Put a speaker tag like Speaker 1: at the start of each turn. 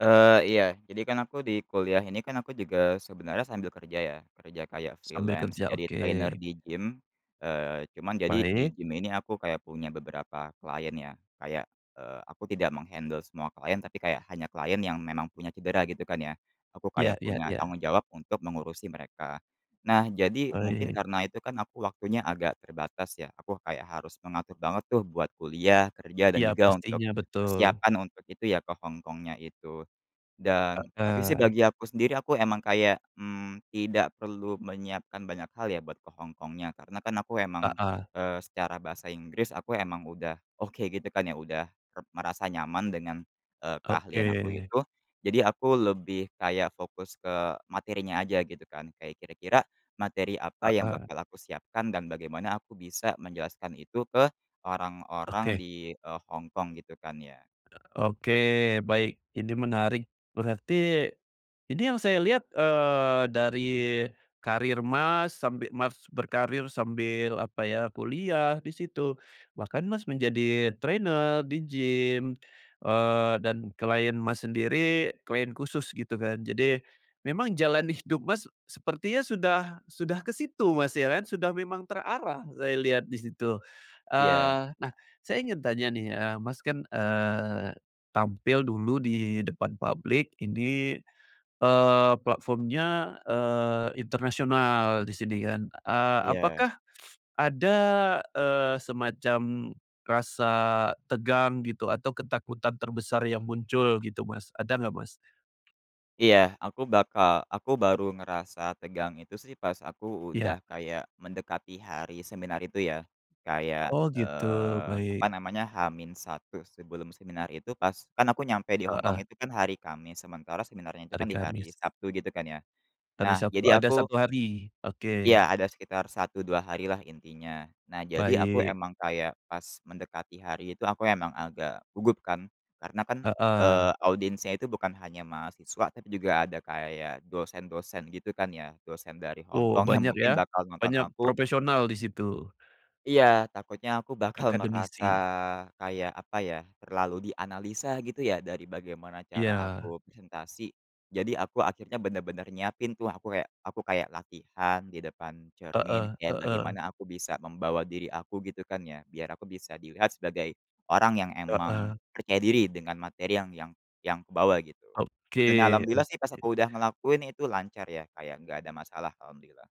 Speaker 1: Eee, iya. Jadi kan aku di kuliah ini kan, aku juga sebenarnya sambil kerja ya. Kerja kayak
Speaker 2: Sambil
Speaker 1: freelance,
Speaker 2: kerja.
Speaker 1: jadi
Speaker 2: Oke.
Speaker 1: trainer di gym. Eee, cuman jadi, di
Speaker 2: Baik.
Speaker 1: gym ini aku kayak punya beberapa klien, ya. Kayak, eee, aku tidak meng-handle semua klien, tapi kayak hanya klien yang memang punya cedera, gitu kan, ya. Aku
Speaker 2: Iya
Speaker 1: kayak
Speaker 2: iya
Speaker 1: punya
Speaker 2: iya.
Speaker 1: tanggung jawab untuk mengurusi mereka. Nah, jadi mungkin
Speaker 2: Baik.
Speaker 1: karena itu kan, aku waktunya agak terbatas, ya. Aku kayak harus mengatur banget tuh, buat kuliah, kerja, dan
Speaker 2: Iya,
Speaker 1: juga untuk,
Speaker 2: pastinya. Betul.
Speaker 1: persiapan untuk itu ya, ke Hong Kongnya itu. Dan tapi sih
Speaker 2: Heeh.
Speaker 1: bagi aku sendiri, aku emang kayak, mmm, tidak perlu menyiapkan banyak hal ya, buat ke Hong Kongnya, karena kan, aku emang,
Speaker 2: Heeh.
Speaker 1: eee, secara bahasa Inggris, aku emang udah oke, gitu kan, ya, udah re merasa nyaman dengan, eee, keahlian aku
Speaker 2: Oke.
Speaker 1: itu. Jadi aku lebih kayak fokus ke materinya aja, gitu kan. Kayak kira-kira, materi apa yang
Speaker 2: Heeh.
Speaker 1: bakal aku siapkan dan bagaimana aku bisa menjelaskan itu, ke orang-orang
Speaker 2: Oke.
Speaker 1: di, eee, Hong Kong, gitu kan, ya.
Speaker 2: Eee, oke. Baik. Ini menarik. Berarti ini yang saya lihat, eee, dari karir, Mas, sambil, Mas, berkarir, sambil apa ya, kuliah, di situ. Bahkan, Mas, menjadi trainer di gym. Eee, dan klien, Mas, sendiri, klien khusus gitu kan. Jadi, memang jalan hidup, Mas, s sepertinya sudah sudah ke situ, Mas, ya kan? Sudah memang terarah saya lihat di situ.
Speaker 1: Iya.
Speaker 2: Eee, nah, saya ingin tanya nih, eee, Mas, kan, eee, tampil dulu, di depan publik ini, eee, platformnya, eee internasional, di sini kan. Eee,
Speaker 1: Iya.
Speaker 2: apakah ada, eee, semacam rasa tegang, gitu, atau ketakutan terbesar yang muncul, gitu, Mas? Ada nggak, Mas?
Speaker 1: Iya. Aku bakal aku baru ngerasa tegang itu sih, pas aku
Speaker 2: Iya.
Speaker 1: udah kayak mendekati hari seminar itu ya. Kayak,
Speaker 2: Oh, gitu.
Speaker 1: eee, apa
Speaker 2: Baik.
Speaker 1: namanya, H-1 sebelum seminar itu pas kan aku nyampe di Hong
Speaker 2: Heeh.
Speaker 1: kong itu kan, hari Kamis. Sementara seminarnya itu
Speaker 2: Hari
Speaker 1: kan, di
Speaker 2: Kamis.
Speaker 1: hari Sabtu gitu kan, ya.
Speaker 2: Hari
Speaker 1: Nah,
Speaker 2: Sabtu
Speaker 1: jadi
Speaker 2: ada
Speaker 1: aku
Speaker 2: 1 hari. Oke.
Speaker 1: ya. Ada sekitar 1, 2 hari lah, intinya. Nah, jadi aku
Speaker 2: Baik.
Speaker 1: emang kayak, pas mendekati hari itu, aku emang agak gugup, kan. Karena kan,
Speaker 2: Heeh.
Speaker 1: eee, audiensnya itu bukan hanya mahasiswa, tapi juga ada kayak dosen-dosen gitu, kan ya. Dosen dari Hong
Speaker 2: Oh,
Speaker 1: kong yang
Speaker 2: banyak
Speaker 1: mungkin
Speaker 2: ya?
Speaker 1: bakal nonton
Speaker 2: Banyak
Speaker 1: aku
Speaker 2: profesional di situ.
Speaker 1: Iya. Takutnya aku bakal merasa
Speaker 2: Akademisi.
Speaker 1: kayak apa ya, terlalu dianalisa gitu ya, dari bagaimana cara
Speaker 2: Iya.
Speaker 1: aku presentasi. Jadi aku akhirnya bener-bener nyiapin tuh, aku kayak aku kayak, latihan di depan cermin,
Speaker 2: Heeh
Speaker 1: kayak
Speaker 2: heeh.
Speaker 1: bagaimana aku bisa membawa diri aku, gitu kan ya. Biar aku bisa dilihat sebagai, orang yang emang
Speaker 2: Heeh.
Speaker 1: percaya diri, dengan materi yang yang yang aku bawa, gitu. Dan
Speaker 2: Oke
Speaker 1: Alhamdulillah sih, pas
Speaker 2: oke.
Speaker 1: aku udah ngelakuin, itu lancar ya. Kayak enggak ada masalah, Alhamdulillah.